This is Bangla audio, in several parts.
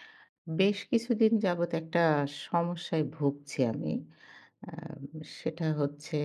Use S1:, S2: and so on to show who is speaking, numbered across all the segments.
S1: বেশ কিছুদিন যাবৎ একটা সমস্যায় ভুগছি আমি। আ সেটা হচ্ছে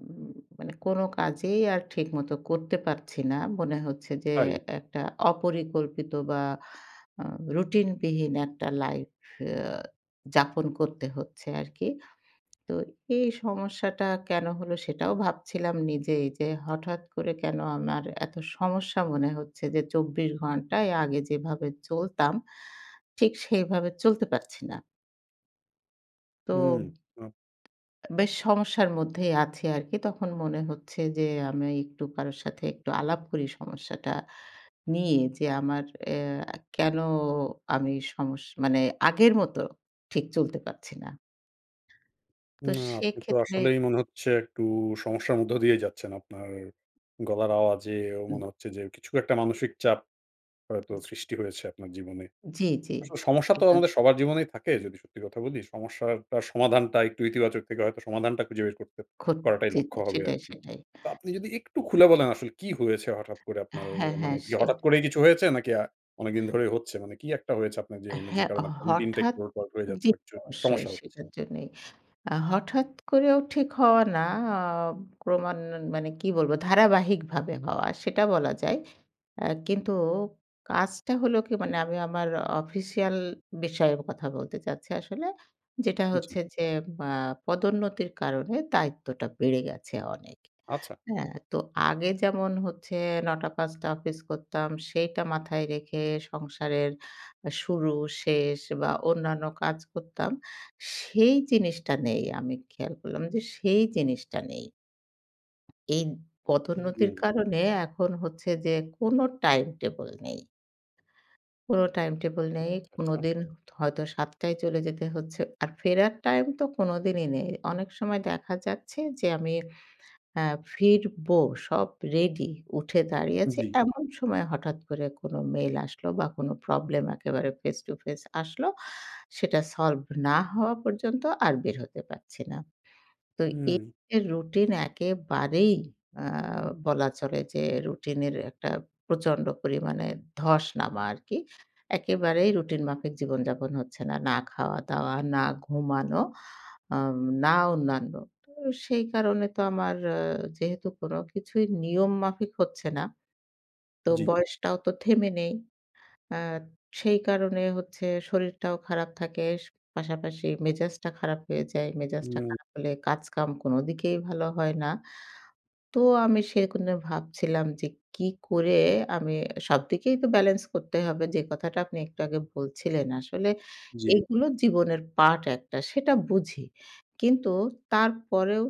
S1: উম মানে কোন কাজেই আর ঠিকমতো করতে পারছি না, মনে হচ্ছে যে
S2: তাই।
S1: একটা অপরিকল্পিত বা আ রুটিনবিহীন একটা লাইফ আ যাপন করতে হচ্ছে আরকি। তো এই সমস্যাটা কেন হলো সেটাও ভাবছিলাম নিজেই এই যে, হঠাৎ করে কেন আমার এতো সমস্যা মনে হচ্ছে। যে, চব্বিশ ঘন্টায় আগে যেভাবে চলতাম ঠিক সেইভাবে চলতে পারছি না। তো
S2: হুম, হুম।
S1: বেশ সমস্যার মধ্যেই আছি আরকি তখন মনে হচ্ছে যে, আমি একটু কারোর সাথে একটু আলাপ করি সমস্যাটা নিয়ে যে আমার অ্যা কেন আমি সমস্যা মানে আগের মত ঠিক চলতে পারছি না? তো
S2: না, আপনি তো
S1: সেক্ষেত্রে।
S2: আসলেই মনে হচ্ছে একটু সমস্যার মধ্য দিয়ে যাচ্ছেন। আপনার গলার আওয়াজে
S1: হুম।
S2: মনে হচ্ছে যে কিছু একটা মানসিক চাপ হয়তো সৃষ্টি হয়েছে আপনার জীবনে।
S1: জি, জি,
S2: আসলে সমস্যা তো
S1: একদম।
S2: আমাদের সবার জীবনেই থাকে যদি সত্যি কথা বলি। সমস্যাটা সমাধানটা একটু ইতিবাচক থেকে হয়তো সমাধানটা খুঁজে বের করতে
S1: খো
S2: করাটাই
S1: জি,
S2: লক্ষ্য
S1: [unintelligible]
S2: হবে
S1: সেটাই,
S2: আরকি।
S1: সেটাই।
S2: তা আপনি যদি একটু খুলে বলেন আসলে কী হয়েছে? হঠাৎ করে আপনার
S1: হ্যাঁ,
S2: মানে
S1: হ্যাঁ,
S2: ইয়ে
S1: সে।
S2: হঠাৎ করেই কিছু হয়েছে? নাকি আ অনেকদিন ধরেই হচ্ছে? মানে কী একটা হয়েছে আপনার জীবনে যে
S1: হ্যাঁ,
S2: কারণে আপনার রুটিনটা
S1: হঠাৎ,
S2: একটু হয়ে যাচ্ছে
S1: জি,
S2: বা চ
S1: অবশ্যই
S2: সমস্যা হচ্ছে?
S1: সেটার জন্যই আ হঠাৎ করেও ঠিক হওয়া না। আ ক্রমান মানে কী বলবো? ধারাবাহিকভাবে হওয়া সেটা বলা যায়। আ কিন্তু কাজটা হলো কী? মানে আমি আমার অফিসিয়াল বিষয়ে কথা বলতে চাচ্ছি আসলে। যেটা
S2: হুম, জি।
S1: হচ্ছে যে, আ পদোন্নতির কারণে দায়িত্বটা বেড়ে গেছে অনেক।
S2: আচ্ছা।
S1: হ্যাঁ, তো আগে যেমন হচ্ছে ৯ঃ০০-৫ঃ০০ অফিস করতাম সেইটা মাথায় রেখে সংসারের শুরু-শেষ বা অন্যান্য কাজ করতাম। সেই জিনিসটা নেই, আমি খেয়াল করলাম যে সেই জিনিসটা নেই। এই
S2: হুম,
S1: পদোন্নতির
S2: হুম।
S1: কারণে এখন হচ্ছে যে কোন টাইমটেবল নেই। কোন টাইমটেবল নেই,
S2: আচ্ছা, আচ্ছা।
S1: কোনদিন হতো হয়তো ৭ টায় চলে যেতে হচ্ছে আর ফেরার টাইমতো কোনদিনই নেই। অনেক সময় দেখা যাচ্ছে যে আমি আ ফিরবো সব রেডি উঠে দাঁড়িয়ে আছি
S2: জি।
S1: এমন সময় হঠাৎ করে কোন মেইল আসলো বা কোনো প্রবলেম একেবারে ফেস টু ফেস আসলো সেটা সলভ না হওয়া পর্যন্ত আর বের হতে পারছি না। তো এই,
S2: হুম।
S1: এই রুটিন একেবারেই আ বলা চলে যে রুটিনের একটা প্রচণ্ড পরিমাণে ধস নামা আরকি একেবারেই রুটিন মাফিক জীবনযাপন হচ্ছে না। না খাওয়া-দাওয়া, না ঘুমানো, আম না অন্যান্য। তো সেই কারণে তো আমার যেহেতু কোন কিছুই নিয়ম মাফিক হচ্ছে না, তো
S2: জি।
S1: বয়সটাও তো থেমে নেই। আ সেই কারণে হচ্ছে শরীরটাও খারাপ থাকে, পাশাপাশি মেজাজটা খারাপ হয়ে যায়। মেজাজটা
S2: হুম।
S1: খারাপ হলে কাজকাম কোনদিকেই ভালো হয় না। তো আমি সেরকম ভেবে ভাবছিলাম যে কী করে আমি সবদিকেই তো ব্যালান্স করতে হবে যে কথাটা আপনি একটু আগে বলছিলেন আসলে
S2: জি।
S1: এগুলো জীবনের পার্ট একটা সেটা বুঝি। কিন্তু তারপরেও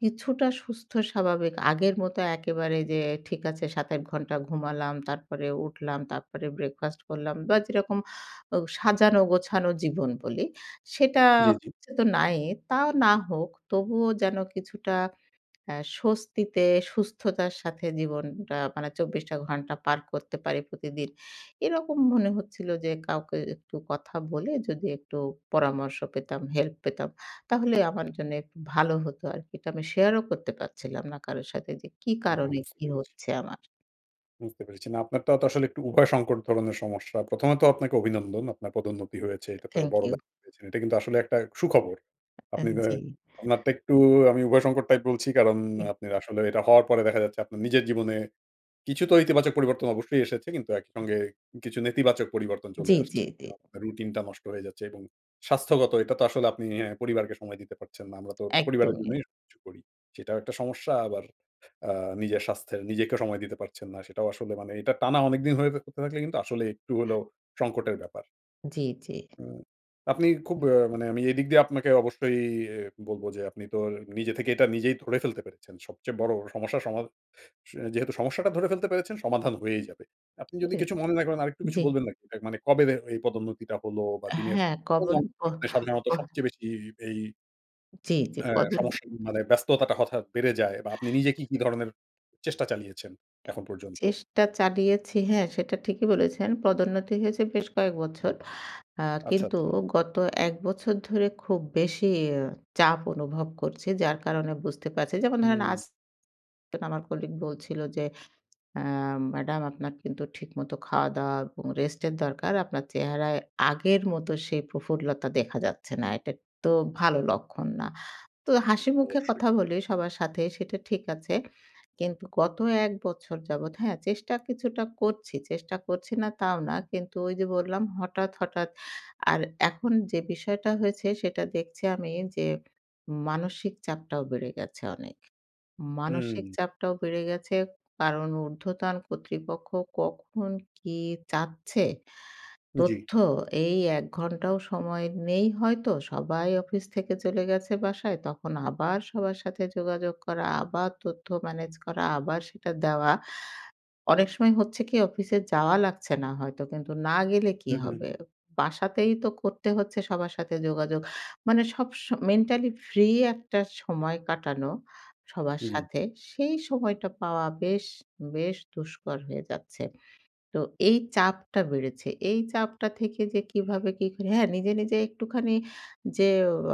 S1: কিছুটা সুস্থ স্বাভাবিক আগের মতো একেবারে যে ঠিক আছে ৭-৮ ঘন্টা ঘুমালাম, তারপরে উঠলাম, তারপরে ব্রেকফাস্ট করলাম বা যেরকম ও সাজানো-গোছানো জীবন বলি সেটা
S2: জি, জি।
S1: হচ্ছে তো নাই তাও না হোক তবুও যেন কিছুটা আ স্বস্তিতে, সুস্থতার সাথে জীবনটা মানে ২৪টা ঘণ্টা পার করতে পারি প্রতিদিন। এরকম মনে হচ্ছিল যে কাউকে একটু কথা বলে যদি একটু পরামর্শ পেতাম, হেল্প পেতাম তাহলে আমার জন্য একটু ভালো হতো আরকি। এটা আমি শেয়ারও করতে পারছিলাম না কারো সাথে যে কী
S2: না,
S1: কারণে
S2: বুঝতে
S1: কী
S2: পেরেছি।
S1: হচ্ছে আমার?
S2: বুঝতে পেরেছি। না আপনারটা তো আসলে একটু উভয় সংকট ধরনের সমস্যা। ১ম ত আপনাকে অভিনন্দন। আপনার পদোন্নতি হয়েছে এটা তো
S1: থ্যাংক
S2: বড়
S1: ইউ।
S2: ব্যা এটা কিন্তু আসলে একটা সুখবর। আপনি
S1: আন
S2: যে
S1: জি।
S2: আপনারটা একটু আমি উভয় সংকট টাইপ বলছি কারণ
S1: [unintelligible]
S2: আপনার আসলে এটা হওয়ার পরে দেখা যাচ্ছে আপনার নিজের জীবনে কিছু তো ইতিবাচক পরিবর্তন অবশ্যই এসেছে কিন্তু একইসঙ্গে কিছু নেতিবাচক পরিবর্তন চলে
S1: জি, জি,
S2: আসছে।
S1: জি।
S2: আপনার রুটিনটা নষ্ট হয়ে যাচ্ছে এবং স্বাস্থ্যগত এটা তো আসলে আপনি অ্যাঁ পরিবারকে সময় দিতে পারছেন না। আমরা তো পরিবারের
S1: একদমই।
S2: জন্যই সবকিছু করি। সেটাও একটা সমস্যা আবার আ নিজের স্বাস্থ্যের নিজেকেও সময় দিতে পারছেন না। সেটাও আসলে মানে এটা টানা অনেকদিন হয়ে থাকলে কিন্তু আসলে একটু হল সংকটের ব্যাপার।
S1: জি, জি।
S2: উ আপনি খুব আ মানে আমি এদিক দিয়ে আপনাকে অবশ্যই বলব যে আপনি তো নিজে থেকে এটা নিজেই ধরে ফেলতে পেরেছেন। সবচেয়ে বড় সমস্যা সমাধা যেহেতু সমস্যাটা ধরে ফেলতে পেরেছেন সমাধান হয়েই যাবে। আপনি যদি
S1: এ
S2: কিছু মনে না করেন আরেকটু কিছু
S1: জি।
S2: বলবেন নাকি মানে কবে এই পদোন্নতিটা হলো বা দিনের
S1: হ্যাঁ
S2: কোন
S1: কবন পহ
S2: অংশতে সাধারণত
S1: পহ
S2: সবচেয়ে বেশি এই
S1: জি, জি
S2: হ্যাঁ,
S1: পদউন
S2: সমস্যা মানে ব্যস্ততাটা হঠাৎ বেড়ে যায় বা আপনি নিজে কি, কি ধরনের চেষ্টা চালিয়েছেন এখন পর্যন্ত?
S1: চেষ্টা চালিয়েছি। হ্যাঁ, সেটা ঠিকই বলেছেন। পদোন্নতি হয়েছে বেশ কয়েক বছর। আ
S2: আচ্ছা,
S1: কিন্তু
S2: আচ্ছা।
S1: গত ১ বছর ধরে খুব বেশিই চাপ অনুভব করছি। যার কারণে বুঝতে পারছি। যেমন ধরেন আজ
S2: হুম।
S1: আমার কলিগ বলছিল যে আ ম্যাডাম আপনার কিন্তু ঠিকমত খাওয়া-দাওয়া এবং রেস্ট এর দরকার। আপনার চেহারায় আগের মত সেই প্রফুল্লতা দেখা যাচ্ছে না। এটা তো ভালো লক্ষণ না। তো হাসিমুখে
S2: অবশ্যই।
S1: কথা বলি, সবার সাথে সেটা ঠিক আছে। কিন্তু গত ১ বছর যাবৎ হ্যাঁ, চেষ্টা কিছুটা করছি। চেষ্টা করছি না তাও না। কিন্তু ওই যে বললাম হঠাৎ, হঠাৎ আর এখন যে বিষয়টা হয়েছে সেটা দেখছি আমি যে মানসিক চাপটাও বেড়ে গেছে অনেক। মানসিক
S2: হুম।
S1: চাপটাও বেড়ে গেছে কারণ উর্ধ্বতন কর্তৃপক্ষ কখন কি চাচ্ছে
S2: জি।
S1: তথ্য এই ১ ঘন্টাও সময় নেই হয়তো সবাই অফিস থেকে চলে গেছে বাসায় তখন আবার সবার সাথে যোগাযোগ করা, আবার তথ্য ম্যানেজ করা, আবার সেটা দেওয়া। অনেক সময় হচ্ছে কি অফিসে যাওয়া লাগছে না হয়তো। কিন্তু না গেলে কি
S2: হু,
S1: হবে?
S2: হু।
S1: বাসাতেই তো করতে হচ্ছে সবার সাথে যোগাযোগ। মানে সব সময় মেন্টালি ফ্রি একটা সময় কাটানো সবার
S2: জি।
S1: সাথে। সেই সময়টা পাওয়া বেশ, বেশ দুষ্কর হয়ে যাচ্ছে। তো এই চাপটা বেড়েছে। এই চাপটা থেকে যে কিভাবে কি করে হ্যাঁ, নিজে, নিজে একটুখানি যে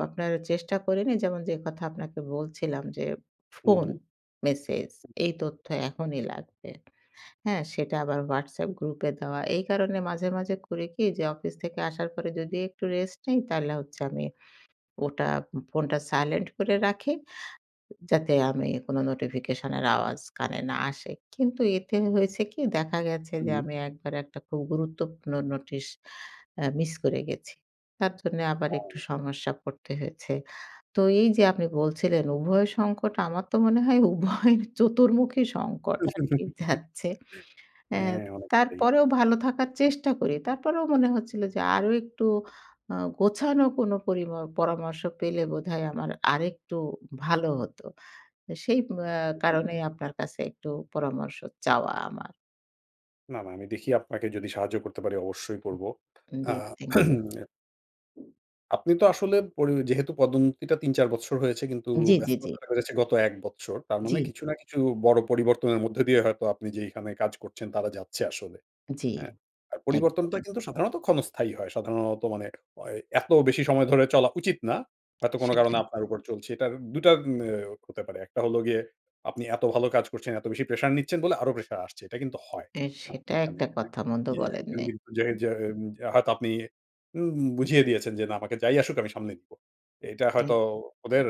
S1: আপনার চেষ্টা করি না যেমন যে কথা আপনাকে বলছিলাম যে
S2: হু,
S1: ফোন,
S2: হু।
S1: মেসেজ এই তথ্য এখনই লাগবে। হ্যাঁ, সেটা আবার হোয়াটসঅ্যাপ গ্রুপে দেওয়া। এই কারণে মাঝে, মাঝে করি কি যে অফিস থেকে আসার পরে যদি একটু রেস্ট নেই, তাহলে হচ্ছে আমি ওটা ফোনটা সাইলেন্ট করে রাখি যাতে আমি কোন নোটিফিকেশনের আওয়াজ কানে না আসে। কিন্তু এতে হয়েছে কি দেখা গেছে যে
S2: উহুম।
S1: আমি একবার একটা খুব গুরুত্বপূর্ণ নোটিশ আ মিস করে গেছি। তার জন্যে আবার একটু
S2: আর
S1: সমস্যা পড়তে হয়েছে। তো এই যে আপনি বলছিলেন উভয় সংকট, আমার তো মনে হয় উভয় চতুর্মুখী সংকট আরকি যাচ্ছে। অ্যা
S2: হ্যাঁ, অনেকটাই।
S1: তারপরেও ভালো থাকার চেষ্টা করি। তারপরেও মনে হচ্ছিল যে আরো একটু আ গোছানো কোন পরিম পরামর্শ পেলে বোধহয় আমার আরেকটু ভালো হত। সেই আ
S2: জি।
S1: কারণেই আপনার কাছে একটু পরামর্শ চাওয়া আমার।
S2: না না, আমি দেখি, আপনাকে যদি সাহায্য করতে পারি, অবশ্যই করব।
S1: উম
S2: আ
S1: জি, থ্যাংক ইউ।
S2: আপনি তো আসলে পরি যেহেতু পদোন্নতিটা ৩-৪বছর হয়েছে কিন্তু
S1: জি, জি, জি।
S2: ব্যস্ততাটা বেড়েছে গত ১ বছর। তার মানে,
S1: জি।
S2: কিছু না কিছু বড় পরিবর্তনের মধ্যে দিয়ে হয়তো আপনি যেইখানে কাজ করছেন, তারা যাচ্ছে আসলে।
S1: জি,
S2: হ্যাঁ? আর পরিবর্তনটা
S1: একদম।
S2: কিন্তু সাধারণত ক্ষণস্থায়ী হয়। সাধারণত মানে, ওয় এত বেশি সময় ধরে চলা উচিত না। হয়তো কোন কারণে
S1: সেটাই।
S2: আপনার উপর চলছে। এটার ২টা এ হতে পারে। ১টা হলো গিয়ে, আপনি এত ভালো কাজ করছেন, এত বেশি প্রেশার নিচ্ছেন বলে আরো প্রেশার আসছে। এটা কিন্তু হয়,
S1: হ্যাঁ,
S2: হ্যাঁ,
S1: সেটা
S2: এখানে
S1: একটা
S2: হ্যাঁ।
S1: কথা মন্দ
S2: জি, একজন
S1: বলেননি।
S2: কিন্তু যে যে হয়তো আপনি উম উম বুঝিয়ে দিয়েছেন যে, 'না, আমাকে যাই আসুক আমি সামলে নিবো।' এটা হয়তো
S1: [unintelligible]
S2: ওদের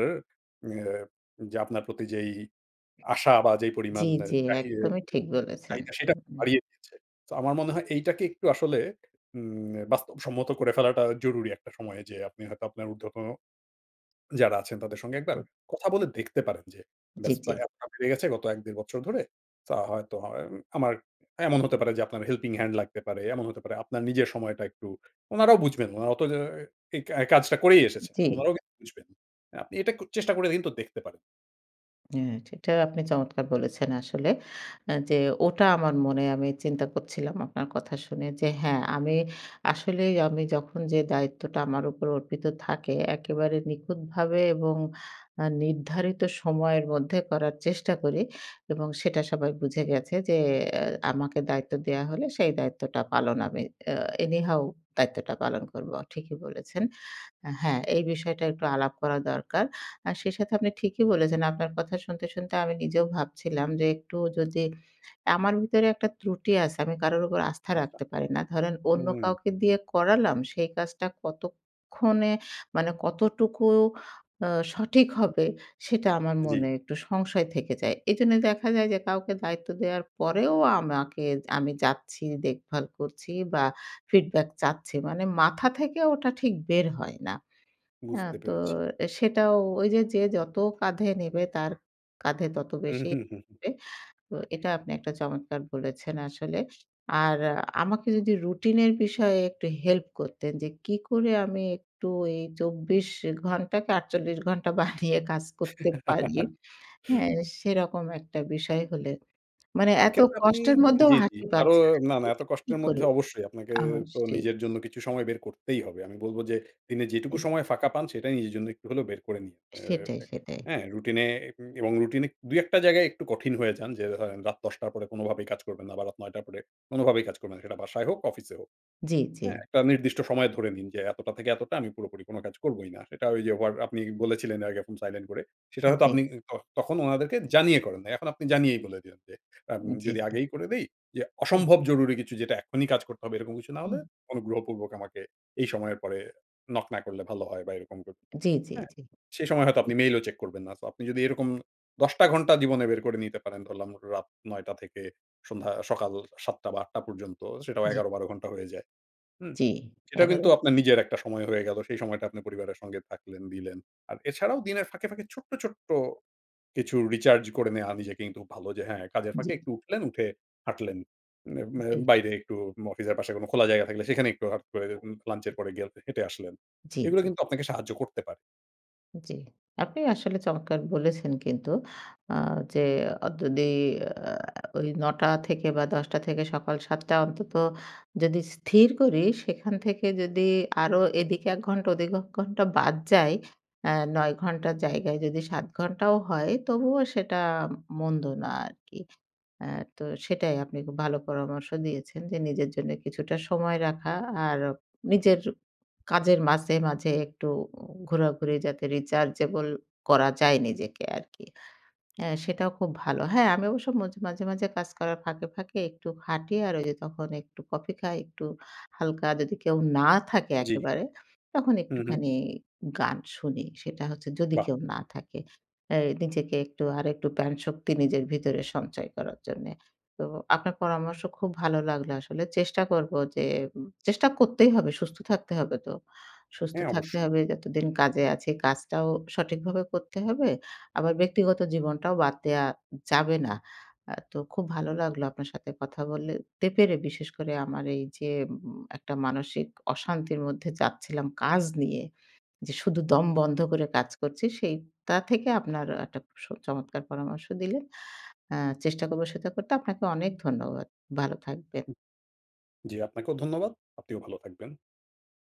S2: ইয়ে যে, আপনার প্রতি যেই আশা বা যেই
S1: জি,
S2: পরিমাণ
S1: জি,
S2: চাহি
S1: একদমই
S2: উম
S1: ঠিক বলেছেন।
S2: চাহিদা সেটা
S1: হুম।
S2: বাড়িয়ে দিয়েছে। তো, আমার মনে হয় এইটাকে একটু আসলে উম বাস্তবসম্মত করে ফেলাটা জরুরি একটা সময়, যে আপনি হয়তো আপনার উর্ধ্বতন যারা আছেন, তাদের সঙ্গে একবার কথা বলে দেখতে পারেন, যে
S1: জি,
S2: ব্যস্ততা
S1: জি।
S2: এতটা বেড়ে গেছে গত ১-দেড় বছর ধরে তা হয়তো আমার এমন হতে পারে যে আপনার হেল্পিং হ্যান্ড লাগতে পারে, এমন হতে পারে আপনার নিজের সময়টা একটু উনারাও বুঝবেন, উনারা অত এই কাজটা করেই এসেছেন।
S1: জি।
S2: উনারাও কিন্তু বুঝবেন। আপনি এটা চেষ্টা করে কিন্তু দেখতে পারেন।
S1: হ্যাঁ, এটা আপনি চমৎকার বলেছেন আসলে। আ যে ওটা আমার মনে আমি চিন্তা করছিলাম আপনার কথা শুনে। যে হ্যাঁ, আমি আসলেই আমি যখন যে দায়িত্বটা আমার উপর অর্পিত থাকে একেবারে নিখুঁতভাবে এবং আ নির্ধারিত সময়ের মধ্যে করার চেষ্টা করি এবং সেটা সবাই বুঝে গেছে যে আমাকে দায়িত্ব দেয়া হলে সেই দায়িত্বটা পালন আমি অ্যা any how দায়িত্বটা পালন করবো ঠিকই বলেছেন। আ হ্যাঁ, এই বিষয়টা একটু আলাপ করা দরকার। আর সেই সাথে আপনি ঠিকই বলেছেন। আপনার কথা শুনতে, শুনতে আমি নিজেও ভাবছিলাম যে একটু যদি আমার ভিতরে একটা ত্রুটি আছে আমি কারোর উপর আস্থা
S2: আচ্ছা।
S1: রাখতে পারি না। ধরেন অন্য
S2: উম
S1: কাউকে দিয়ে করালাম সেই কাজটা কতক্ষণে মানে কতটুকু আ সঠিক হবে সেটা আমার
S2: জি।
S1: মনে একটু সংশয় থেকে যায়। এজন্য দেখা যায় যে, কাউকে দায়িত্ব দেওয়ার পরেও আমাকে আমি যাচ্ছি, দেখভাল করছি বা ফিডব্যাক চাচ্ছি মানে মাথা থেকে ওটা ঠিক বের হয় না। অ্যা
S2: বুঝতে
S1: তো
S2: পেরেছি।
S1: এ সেটাও ওই যে, যে যতো কাঁধে নিবে তার কাঁধে ততো
S2: উ
S1: বেশি
S2: হু, হু।
S1: তো এটা আপনি একটা চমৎকার বলেছেন আসলে। আর আমাকে যদি রুটিনের বিষয়ে একটু হেল্প করতেন যে কি করে আমি একটু এই ২৪ ঘন্টা কি ৪৮ ঘণ্টা বারিয়ে কাজ করতে পারি। হ্যাঁ। সেরকম একটা বিষয় হলে। মানে এতো
S2: এক্ষেত্রে আপনি
S1: কষ্টের মধ্যেও
S2: জি, জি।
S1: হাসি
S2: আরো
S1: পাচ্ছে
S2: না, না এত
S1: আরকি
S2: কষ্টের মধ্যে
S1: করে?
S2: অবশ্যই আপনাকে
S1: আমার সেই
S2: নিজের জন্য কিছু সময় বের করতেই হবে। আমি বলব যে দিনে যেটুকু
S1: তে
S2: সময় ফাঁকা পান সেটাই নিজের জন্য একটু হলেও বের করে নিয়ে।
S1: সেটাই,
S2: এ্যা
S1: সেটাই।
S2: হ্যাঁ, রুটিন এ এবং রুটিন এ ২ টা জায়গায় একটু কঠিন হয়ে যান। যে ধরেন রাত ১০ টার পরে কোনোভাবেই কাজ করবেন না বা রাত ৯ টার পরে কোনোভাবেই কাজ করবেন না। সেটা বাসায় হোক, অফিসে হোক।
S1: জি, জি।
S2: হ্যাঁ। একটা নির্দিষ্ট সময় ধরে নিন যে এতটা থেকে এতটা আমি পুরোপুরি কোনো কাজ করবই না। সেটা ওই যে হোয়ার আপনি বলেছিলেন এর আগে এখন সাইলেন্ট করে। সেটা
S1: এ
S2: হয়তো
S1: জি।
S2: আপনি ত তখন উনাদেরকে জানিয়ে করেন না। এখন আপনি জানিয়েই বলে দিন যে আ
S1: জি,
S2: যদি
S1: জি।
S2: আগেই করে দেই যে
S1: হুম।
S2: অসম্ভব জরুরি কিছু যেটা এখনই কাজ করতে হবে এরকম কিছু না হলে
S1: হুম।
S2: অনুগ্রহপূর্বক আমাকে এই সময়ের পরে নক না করলে ভালো হয় বা এরকম ক
S1: জি, জি,
S2: হ্যাঁ?
S1: জি।
S2: সেই সময় হয়তো আপনি মেইলও চেক করবেন না। সো আপনি যদি এরকম ১০ টা ঘন্টা জীবনে বের করে নিতে পারেন। ধরলাম রাত ৯ টা থেকে সন্ধ্যা সকাল ৭ টা বা ৮ টা পর্যন্ত সেটাও
S1: জি।
S2: ১১-১২ ঘন্টা হয়ে যায়। হুম?
S1: জি
S2: সেটা
S1: ১১
S2: কিন্তু আপনার নিজের একটা সময় হয়ে গেল। সেই সময়টা আপনার পরিবারের সঙ্গে থাকলেন, দিলেন। আর এছাড়াও দিনের ফাঁকে, ফাঁকে ছোট্ট, ছোট্ট কিছু রিচার্জ করে নেয়া। আমি নিজেকে কিন্তু ভালো যে হ্যাঁ। কাজের
S1: জি।
S2: ফাঁকে একটু উঠলেন উঠে হাঁটলেন। ম্যা
S1: ওকে।
S2: বাইরে একটু অফিসের পাশে কোনো খোলা জায়গা থাকলে সেখানে একটু হট করে দেখুন লাঞ্চ এর পরে গেলফে হেঁটে আসলেন।
S1: জি,
S2: এগুলো
S1: জি।
S2: কিন্তু আপনাকে সাহায্য করতে পারে
S1: জি। আপনি আসলে চমৎকার বলেছেন কিন্তু। আ যে যদি আ ওই ৯ঃ০০ থেকে বা ১০ঃ০০ থেকে সকাল ৭ঃ০০ অন্তত। যদি স্থির করি, সেখান থেকে যদি আরো এদিকে ১ ঘন্টা ওদিকে ১ ঘন্টা বাদ যায়। আ ৯ ঘন্টার জায়গায় যদি ৭ ঘণ্টাও হয় তবুও সেটা মন্দ না আরকি। আ তো সেটাই আপনি খুব ভালো পরামর্শ দিয়েছেন। যে নিজের জন্য কিছুটা সময় রাখা। আর নিজের কাজের মাঝে, মাঝে একটু ঘোরাঘুরি যাতে rechargeable করা যায় নিজেকে আরকি। এ সেটাও খুব ভালো। হ্যাঁ, আমি অবশ্য মজ মাঝে, মাঝে কাজ করার ফাঁকে, ফাঁকে একটু হাটি। আর ঐ যে তখন একটু কফি খাই। একটু হালকা, যদি কেউ না থাকে?
S2: জি।
S1: একেবারে, তখন
S2: হু, হু।
S1: একটুখানি গান শুনি। সেটা হচ্ছে যদি
S2: বাহ!
S1: কেউ না থাকে? এ নিজেকে, একটু আরেকটু প্রান শক্তি নিজের ভিতরে সঞ্চয় করার জন্য। তো আপনার পরামর্শ খুব ভালো লাগলো আসলে। চেষ্টা করব। যে চেষ্টা করতেই হবে। সুস্থ থাকতে হবে তো। সুস্থ
S2: হ্যাঁ,
S1: থাকতে
S2: অবশ্যই।
S1: হবে যতদিন কাজে আছি। কাজটাও সঠিকভাবে করতে হবে। আবার ব্যক্তিগত জীবনটাও বাদ দেয়া যাবে না। আ তো খুব ভালো লাগলো আপনার সাথে কথা বললে তে পেরে। বিশেষ করে আমার এই যে, ম একটা মানসিক অশান্তির মধ্যে যাচ্ছিলাম কাজ নিয়ে। যে শুধু দম বন্ধ করে কাজ করছি। সেইটা থেকে আপনার একটা সো চমৎকার পরামর্শ দিলে। আ চেষ্টা করব সেটা করতে। আপনাকে অনেক ধন্যবাদ। ভালো থাকবেন।
S2: উ জি, আপনাকেও ধন্যবাদ। আপনিও ভালো থাকবেন।